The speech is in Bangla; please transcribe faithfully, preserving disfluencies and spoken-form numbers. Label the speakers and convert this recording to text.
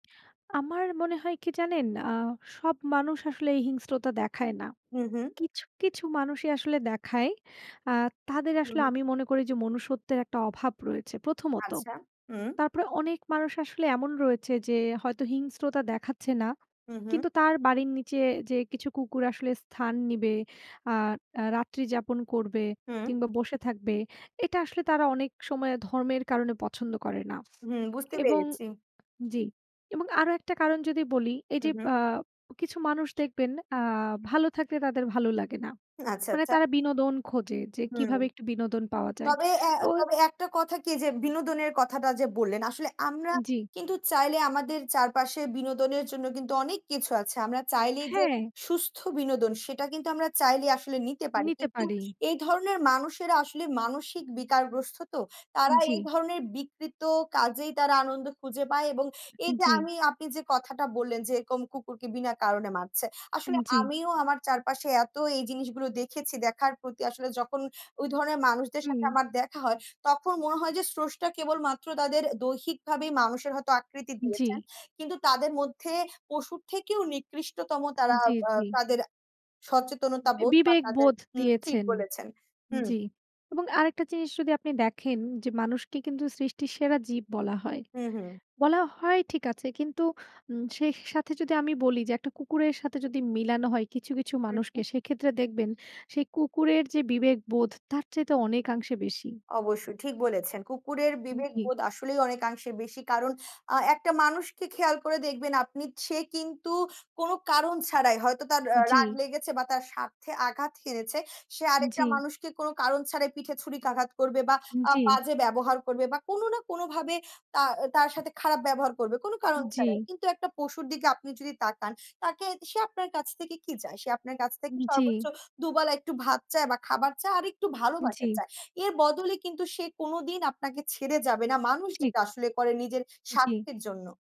Speaker 1: আমার মনে হয় কি জানেন আ সব মানুষ আসলে এই হিংস্রতা দেখায় না।
Speaker 2: হু, হুম।
Speaker 1: কিছু, কিছু মানুষই আসলে দেখায়। আ তাদের
Speaker 2: হুম,
Speaker 1: আসলে
Speaker 2: হুম।
Speaker 1: আমি মনে করি যে মনুষ্যত্বের একটা অভাব রয়েছে, প্রথমত।
Speaker 2: আচ্ছা, উম
Speaker 1: তারপরে অনেক মানুষ আসলে এমন রয়েছে যে হয়তো হিংস্রতা দেখাচ্ছে না।
Speaker 2: হু, হুম।
Speaker 1: কিন্তু তার বাড়ির নিচে যে কিছু কুকুর আসলে স্থান নিবে আ আ রাত্রি যাপন করবে
Speaker 2: হুম।
Speaker 1: কিংবা বসে থাকবে। এটা আসলে তারা অনেক সময় ধর্মের কারণে পছন্দ করে না
Speaker 2: হুম, বুঝতে
Speaker 1: এবং
Speaker 2: পেরেছি।
Speaker 1: জি এবং আরো একটা কারণ যদি বলি এই যে
Speaker 2: হুম, হুম।
Speaker 1: বা কিছু মানুষ দেখবেন আ ভালো থাকলে তাদের ভালো লাগে না।
Speaker 2: আচ্ছা,
Speaker 1: মানে
Speaker 2: আচ্ছা।
Speaker 1: তারা বিনোদন খোঁজে যে
Speaker 2: হুম।
Speaker 1: কিভাবে একটু বিনোদন পাওয়া যায়।
Speaker 2: তবে এ
Speaker 1: তো
Speaker 2: তবে একটা কথা কি যে বিনোদনের কথাটা যে বললেন, আসলে আমরা
Speaker 1: জি।
Speaker 2: কিন্তু চাইলে আমাদের চারপাশে বিনোদনের জন্য কিন্তু অনেক কিছু আছে। আমরা চাইলেই যে
Speaker 1: হ্যাঁ।
Speaker 2: সুস্থ বিনোদন সেটা কিন্তু আমরা চাইলেই আসলে নিতে পারি।
Speaker 1: নিতে
Speaker 2: কিন্তু
Speaker 1: পারি।
Speaker 2: এই ধরনের মানুষেরা আসলে মানসিক বিকারগ্রস্ত তো।
Speaker 1: আ
Speaker 2: তারা
Speaker 1: জি।
Speaker 2: এই ধরনের বিকৃত কাজেই তারা আনন্দ খুঁজে পায় এবং এই যে
Speaker 1: জি।
Speaker 2: আমি আপনি যে কথাটা বললেন, যে এরকম কুকুরকে বিনা কারণে মারছে।
Speaker 1: আ
Speaker 2: আসলে
Speaker 1: জি।
Speaker 2: আমিও আমার চারপাশে এত এই জিনিসগুলো দেখেছি দেখার প্রতি আসলে যখন ওই ধরনের মানুষদের সাথে
Speaker 1: হুম।
Speaker 2: আমার দেখা হয়, তখন মনে হয় যে স্রষ্টা কেবলমাত্র তাদের দৈহিকভাবেই মানুষের হয়তো আকৃতি দিয়েছেন।
Speaker 1: জি।
Speaker 2: কিন্তু তাদের মধ্যে পশুর থেকেও নিকৃষ্টতম তারা আ
Speaker 1: জি, জি।
Speaker 2: তাদের সচেতনতাবোধ বা তাদের
Speaker 1: বিবেকবোধ
Speaker 2: হুম ঠিক
Speaker 1: দিয়েছেন।
Speaker 2: বলেছেন। হুম।
Speaker 1: জি। এবং আরেকটা জিনিস যদি আপনি দেখেন যে মানুষকে কিন্তু সৃষ্টির সেরা জীব বলা হয়।
Speaker 2: হুম, হুম।
Speaker 1: বলা হয় ঠিক আছে, কিন্তু উম সেই সাথে যদি আমি বলি যে একটা কুকুরের সাথে যদি মিলানো হয় কিছু, কিছু
Speaker 2: হুম, হুম।
Speaker 1: মানুষকে সেক্ষেত্রে দেখবেন সেই কুকুরের যে বিবেকবোধ তার চাইতে অনেকাংশে বেশি।
Speaker 2: অবশ্যই ঠিক বলেছেন। কুকুরের
Speaker 1: আ জি।
Speaker 2: বিবেকবোধ আসলেই অনেকাংশে বেশি। কারণ আ একটা মানুষকে খেয়াল করে দেখবেন আপনি সে কিন্তু কোনো কারণ ছাড়াই হয়তো তার
Speaker 1: উ
Speaker 2: আ
Speaker 1: জি।
Speaker 2: রাগ লেগেছে বা তার স্বার্থে আঘাত হেনেছে সে
Speaker 1: আ
Speaker 2: আরেকটা
Speaker 1: জি।
Speaker 2: মানুষকে কোনো কারণ ছাড়াই পিঠে ছুরিকাঘাত করবে বা
Speaker 1: আ
Speaker 2: আ
Speaker 1: জি।
Speaker 2: বাজে ব্যবহার করবে বা কোনো না কোনোভাবে তা তার সাথে খারাপ ব্যবহার করবে, কোনো কারণ ছাড়াই।
Speaker 1: জি।
Speaker 2: কিন্তু একটা পশুর দিকে আপনি যদি তাকান তাকে সে আপনার কাছ থেকে কি চায়? সে আপনার কাছ
Speaker 1: উ
Speaker 2: থেকে
Speaker 1: জি।
Speaker 2: সর্বোচ্চ দু বেলা একটু ভাত চায় বা খাবার চায় আরেকটু
Speaker 1: জি।
Speaker 2: ভালোবাসার চায়। এর বদলে কিন্তু সে কোনোদিন আপনাকে ছেড়ে যাবে না মানুষ
Speaker 1: ঠিক।
Speaker 2: যেটা আসলে করে নিজের
Speaker 1: জি।
Speaker 2: স্বার্থের জন্য।